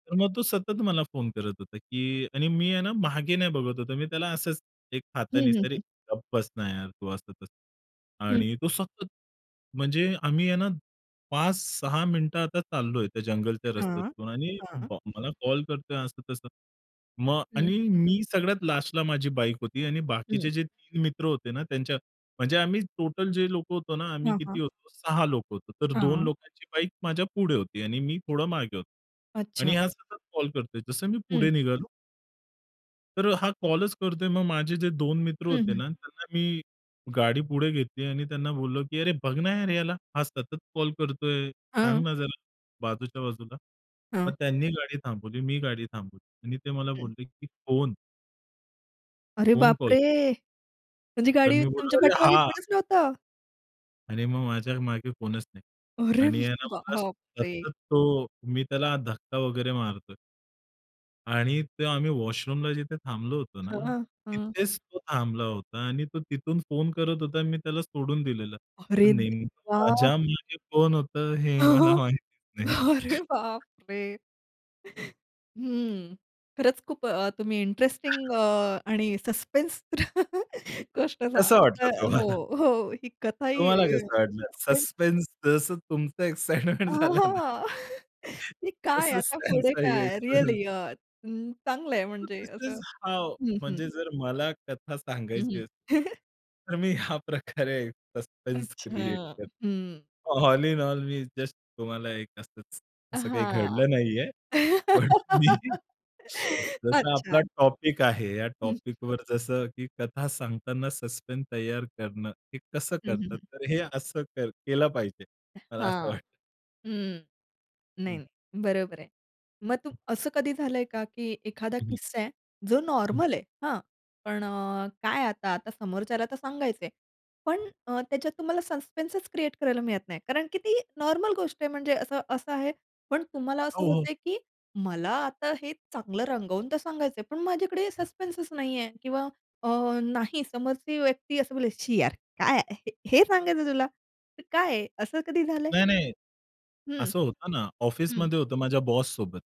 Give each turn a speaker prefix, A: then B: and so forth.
A: तर मग तो सतत मला फोन करत होता की आणि मी आहे ना मागे नाही बघत होतो मी त्याला असंच एक
B: हं,
A: हाताने
B: हं,
A: तरी
B: हं.
A: "गप्प बस ना यार तू" असं-तसं.
B: हं.
A: आणि तो सतत, म्हणजे आम्ही आहे ना 5-6 मिनिटं आता चाललोय त्या जंगलच्या
B: हां,
A: रस्त्यातून आणि
B: हां.
A: बा मला कॉल करतोय असं-तसं. मग
B: हं.
A: आणि मी सगळ्यात लास्टला माझी बाईक होती आणि बाकीचे
B: हं.
A: जे 3 मित्र होते ना, त्यांच्या म्हणजे आम्ही टोटल जे लोक होतो ना आम्ही
B: हां,
A: किती
B: हां.
A: होतो? 6 लोक होतो. तर 2
B: हां.
A: लोकांची बाईक माझ्या पुढे होती आणि मी थोडं मागे होतो आणि
B: अच्छा.
A: हा सतत कॉल करतोय. जसं मी पुढे
B: हं.
A: निघालो तर अ, हा कॉलच करतोय. मग माझे जे 2 मित्र
B: हं,
A: होते
B: हं.
A: ना, त्यांना मी गाडी पुढे घेतली आणि त्यांना बोललो की, "अरे! बघ ना यार याला. हा सतत कॉल करतोय! सांग
B: हां.
A: ना जरा बाजूच्या बाजूला."
B: हां.
A: मग त्यांनी गाडी थांबवली, मी गाडी थांबवली आणि ते मला
B: हं.
A: बोलले की "कोण?"
B: अरे
A: कोण कॉल
B: बापरे!
A: करतंय?
B: म्हणजे
A: तर
B: गाडीवर
A: मी बोललो,
B: तुमच्या
A: "अरे!
B: पाठीमागे
A: हा!"
B: कोणच नव्हतं?
A: आणि मग माझ्या मागे कोणच नाही
B: अरे
A: आणि आहे ना मला
B: बाप रे!
A: सतत तो मी त्याला धक्का वगैरे मारतोय. आणि ते आम्ही वॉशरूमला जिथे थांबलो होतो
B: हां,
A: ना,
B: हां.
A: तिथेच तो थांबला होता आणि तो तिथून फोन करत होता, मी त्याला सोडून दिलेलं. तर
B: अरे
A: नेमकं
B: देवा!
A: माझ्यामागे कोण होतं हे मला माहितीच नाही.
B: अरे बाप रे! हम्म. खरंच खूप अ, तुम्ही इंटरेस्टिंग अ, आणि सस्पेन्स गोष्ट
A: कसं वाटलं
B: सांगताय हो,
A: तुम्हाला?
B: हो, ही कथाही
A: तुम्हाला
B: अ,
A: कसं वाटलं
B: सस्पेन्स.
A: सस्पेन्स जसं तुमचं एक्साइटमेंट झालं ना?
B: आह! की काय
A: तसंच
B: आता पुढे
A: त्यांचाही
B: काय
A: एक्सप्रेशन.
B: रिअली अ, हं चांगलंय
A: तर
B: म्हणजे
A: दिस इज
B: असं.
A: हाऊ
B: हं, हं.
A: म्हणजे जर मला कथा सांगायची
B: हं, हं.
A: असेल, तर मी ह्या प्रकारे सस्पेन्स क्रिएट
B: अच्छा, हं.
A: करतो. ऑल इन ऑल मी जस्ट तुम्हाला एक असंच, असं काही
B: हां.
A: घडलं नाहीये. पण मी जसा आपला
B: अच्छा.
A: टॉपिक आहे, या
B: हं, हं, हं.
A: टॉपिकवर जसं की कथा सांगताना सस्पेन्स तयार करणं, हे कसं
B: हं, हं,
A: करतात.
B: हं.
A: तर हे असं कर केलं पाहिजे.
B: अ
A: मला असं
B: हां,
A: वाटतं.
B: हं. नाही,
A: हं.
B: नाही, बरोबर आहे. मग तुम
A: हं.
B: असं कधी झालंय का की एखादा
A: हं, हं.
B: किस्सा आहे, जो
A: हं.
B: नॉर्मल आहे, हां? पण अ, काय आता, आता समोरच्याला तर सांगायचंय. पण
A: हं.
B: अ, त्याच्यात तुम्हाला सस्पेन्सच क्रिएट करायला मिळत नाही, कारण की ती नॉर्मल गोष्ट आहे म्हणजे असं असं आहे, पण तुम्हाला असं
A: हो, हो.
B: होतंय की मला आता हे चांगलं रंगवून तर सांगायचंय, पण माझ्याकडे सस्पेन्सच नाहीये किंवा अ, नाही समोरची व्यक्ती असं बोललीये, "छी यार! काय आहे. हे सांगायचंय तुला!? हे काय आहे?" असं कधी झालंय?
A: नाही, नाही.
B: हं,
A: असं होतं ना.
B: हं.
A: ऑफिसमध्ये होतं माझ्या बॉससोबत.